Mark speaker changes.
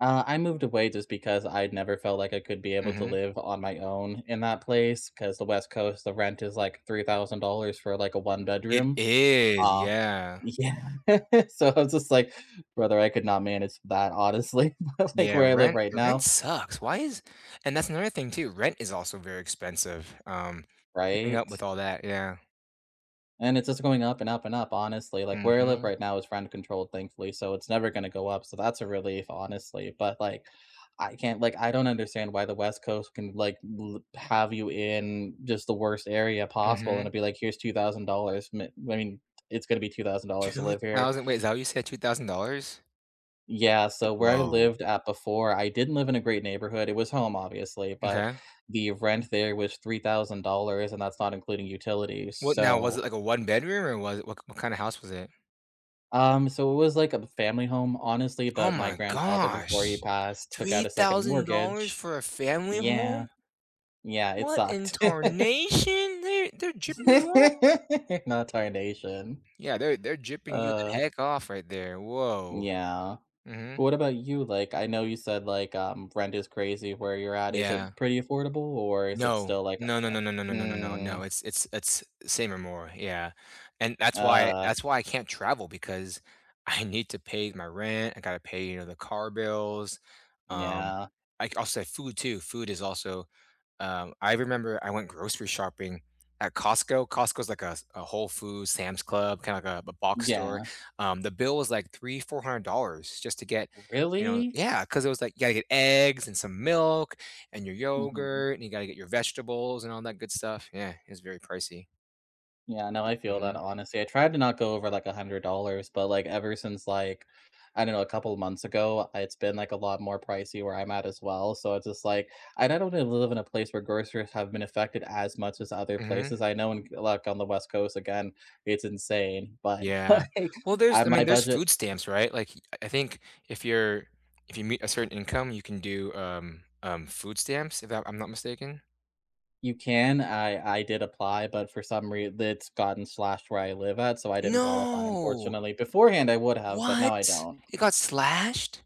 Speaker 1: Uh, I moved away just because I'd never felt like I could be able to
Speaker 2: Mhm.
Speaker 1: live on my own in that place 'cause the West Coast, the rent is like $3,000 for like a
Speaker 2: It
Speaker 1: one-bedroom.
Speaker 2: is.
Speaker 1: Uh,
Speaker 2: Yeah.
Speaker 1: yeah. So I was just like, "Brother, I could not manage that honestly." But like
Speaker 2: Yeah.
Speaker 1: where I live
Speaker 2: Rent
Speaker 1: right
Speaker 2: your rent
Speaker 1: now,
Speaker 2: sucks.
Speaker 1: uh
Speaker 2: Why is and that's another thing too. Rent is also very expensive, um, keeping
Speaker 1: Right?
Speaker 2: up with all that, yeah.
Speaker 1: And it's just going up and up and up honestly. Like where I live
Speaker 2: Mhm.
Speaker 1: right now is rent controlled thankfully, so it's never going to go up. So that's a relief honestly. But, like, I can't, like, I don't understand why the West Coast can like li have you in just the worst area possible and
Speaker 2: Mhm.
Speaker 1: it'd be like, here's $2,000. M I mean, it's gonna be $2,000 to
Speaker 2: two
Speaker 1: live here.
Speaker 2: thousand wait. Is that what you said? $2,000?
Speaker 1: Yeah, so where I
Speaker 2: Whoa.
Speaker 1: lived at before, I didn't live in a great neighborhood. It was home obviously, but
Speaker 2: Okay.
Speaker 1: the rent there was $3,000 and that's not including utilities,
Speaker 2: What now was
Speaker 1: so
Speaker 2: it like a one bedroom or was it what what kind of house was it?
Speaker 1: Um, so it was like a family home, honestly,
Speaker 2: Oh
Speaker 1: but my
Speaker 2: my
Speaker 1: grandfather before he
Speaker 2: gosh.
Speaker 1: passed took
Speaker 2: three
Speaker 1: out a 2nd
Speaker 2: thousand dollars
Speaker 1: mortgage.
Speaker 2: for a family
Speaker 1: Yeah.
Speaker 2: home?
Speaker 1: Yeah, it
Speaker 2: What in
Speaker 1: sucked.
Speaker 2: tarnation? They're they're gypping you off.
Speaker 1: Not tarnation.
Speaker 2: Yeah. They're they're gypping you the
Speaker 1: Uh
Speaker 2: heck off right there. Whoa.
Speaker 1: Yeah.
Speaker 2: Mhm.
Speaker 1: What about you? Like, I know you said, like, um, rent is crazy where you're at, is
Speaker 2: Yeah.
Speaker 1: it pretty affordable, or is it
Speaker 2: No.
Speaker 1: still, like,
Speaker 2: No. No.
Speaker 1: u uh
Speaker 2: No. No. No. No. No. No.
Speaker 1: mm.
Speaker 2: It's it's it's same or more. Yeah. And that's why
Speaker 1: Ugh.
Speaker 2: that's why I can't travel because I need to pay my rent. I gotta pay, you know, the car bills. Um,
Speaker 1: Yeah.
Speaker 2: I c I also have food too. Food is also, uh, I remember I went grocery shopping at Costco. Costco is like a a Whole Foods, Sam's Club, kinda like a a box store.
Speaker 1: Yeah.
Speaker 2: Um, the bill was like $300, $400 just to get, you know
Speaker 1: Really?
Speaker 2: Yeah. 'Cause it was like, you gotta get eggs and some milk and your
Speaker 1: Mhm.
Speaker 2: yogurt, and you gotta get your vegetables and all that good stuff. Yeah. It was very pricey.
Speaker 1: Yeah. No, I feel that
Speaker 2: Mhm.
Speaker 1: honestly. I tried to not go over, like, $100, but, like, ever since, like, I don't know, a couple months ago, it's been, like, a lot more pricey where I'm at as well. So it's just, like, and I don't live in a place where groceries have been affected as much as other
Speaker 2: Mhm.
Speaker 1: places. I know in g like, on the West Coast, again, it's insane. But,
Speaker 2: Yeah.
Speaker 1: like,
Speaker 2: Well,
Speaker 1: I
Speaker 2: there's
Speaker 1: have
Speaker 2: I
Speaker 1: my
Speaker 2: mean, there's
Speaker 1: budget.
Speaker 2: food stamps. Right? Like, I I think if you're if you meet a certain income, you can do, um, um, food stamps, if that I'm not mistaken.
Speaker 1: You can. I I did apply, but for some re that's gotten slashed where I live at, so I didn't qualify,
Speaker 2: No.
Speaker 1: unfortunately. Beforehand, I would have, but now I
Speaker 2: What?
Speaker 1: don't.
Speaker 2: It got slashed?